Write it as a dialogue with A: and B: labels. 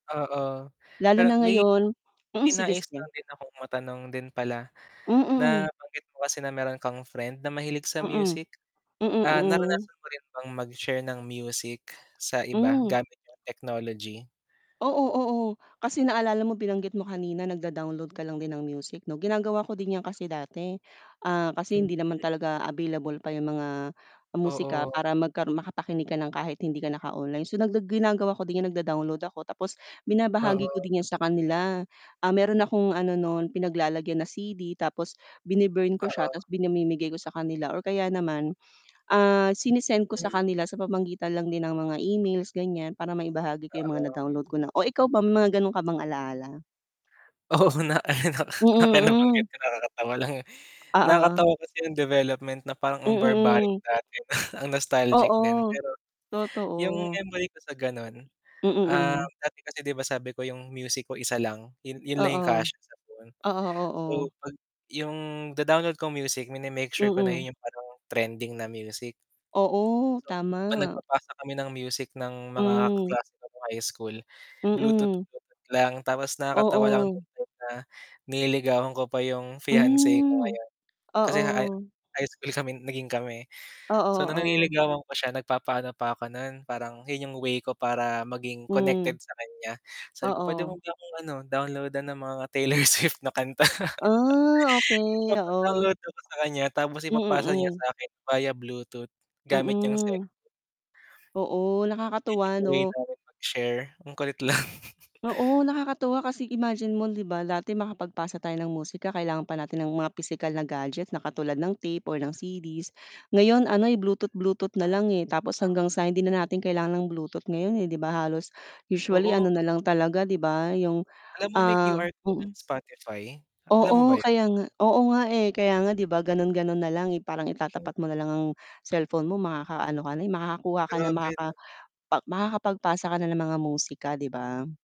A: Oo,
B: Lalo
A: pero
B: na
A: may
B: ngayon,
A: may
B: mm, sige
A: nais lang
B: sige.
A: din akong matanong din pala,
B: Mm.
A: nabanggit mo kasi na meron kang friend na mahilig sa
B: Mm,
A: music,
B: mm,
A: ah
B: mm.
A: naranasan mo rin bang mag-share ng music sa iba,
B: Hmm.
A: gamit 'yong technology?
B: Oo, oo kasi naalala mo binanggit mo kanina nag-da-download ka lang din ng music 'no ginagawa ko din 'yan kasi dati, ah, kasi
A: Hmm.
B: hindi naman talaga available pa 'yong mga musika,
A: Oo.
B: para magka makapakinig ka ng kahit hindi ka naka-online, so ginagawa ko din, nag-da-download ako, tapos binabahagi ko
A: Oo.
B: din 'yan sa kanila. Ah, meron akong ano no'n pinaglalagyan na CD tapos bin-burn ko siya,
A: Oo.
B: tapos pinamimigay ko sa kanila or kaya naman, ah, sinesend ko sa
A: Hmm.
B: kanila sa pamamagitan lang din ng mga emails ganyan, para maibahagi ko 'yong mga na
A: Oo.
B: download ko na o ikaw ba, mga gano'n ka bang alaala?
A: Oo, na na
B: Mm
A: na nabanggit
B: hmm.
A: ko nakakatawa lang
B: Oo.
A: nakakatawa kasi 'yong development na parang ang barbaric
B: Mm.
A: dati, ang nostalgic din.
B: Oo,
A: Pero, 'yong
B: totoo.
A: memory ko sa gano'n
B: Mm.
A: ah
B: Hmm.
A: dati kasi di ba sabi ko 'yong music ko isa lang 'yon 'yon lang 'yong
B: Oo,
A: kasya sa phone,
B: oo,
A: so
B: oo.
A: pag 'yong da-download ko music mine-make sure ko na
B: Mm.
A: 'yon 'yong parang trending na music.
B: Oo,
A: So, pag
B: tama.
A: nagpapasa kami ng music ng mga
B: Hmm.
A: kaklase ko nung high school, bluetooth
B: Mm.
A: bluetooth lang tapos nakakatawa lang
B: Oo.
A: [unintelligible] na nililigawan ko pa 'yong fiance ko
B: Mm,
A: ngayon, kasi nga
B: oo.
A: high school kami naging kami,
B: Oo,
A: so na
B: oo.
A: niligawan ko siya nagpa-paano pa ako no'n, parang 'yon 'yong way ko para maging
B: Hmm.
A: connected sa kanya, sabi ko pwede mo
B: Oo.
A: ba akong ano, download-an ng mga Taylor Swift na kanta.
B: Ah okey, oo.
A: ipapa-download ako sakanya tapos ipapasa niya
B: Mm.
A: sakin via Bluetooth gamit 'yong cellphone.
B: Mm. Oo,
A: Iyon 'yong
B: nakakatuwa
A: way
B: 'no?
A: namin mag-share, ang kulit lang.
B: Oo, nakakatuwa kasi imagine mo 'di ba, dati makapagpasa tayo ng musika kailangan pa natin ng mga pisikal na gadget, na katulad ng tape or ng CDs ngayon ano'y bluetooth-bluetooth na lang eh, tapos hanggang sa hindi na natin kailangan ng bluetooth ngayon eh, 'di ba, halos usually
A: Oo.
B: ano na lang talaga, 'di ba, 'yong
A: Alam mo may
B: ah,
A: QR code ang
B: mm.
A: Spotify, alam mo
B: Oo
A: ba 'yon?
B: kaya nga, oo nga eh, kaya nga 'di ba, gano'n gano'n na lang eh, parang itatapat mo na lang ang cellphone mo makaka-ano ka na eh, makakakuha ka na,
A: Grabe
B: makaka
A: 'no.
B: makakapagpasa ka na ng mga musika, 'di ba?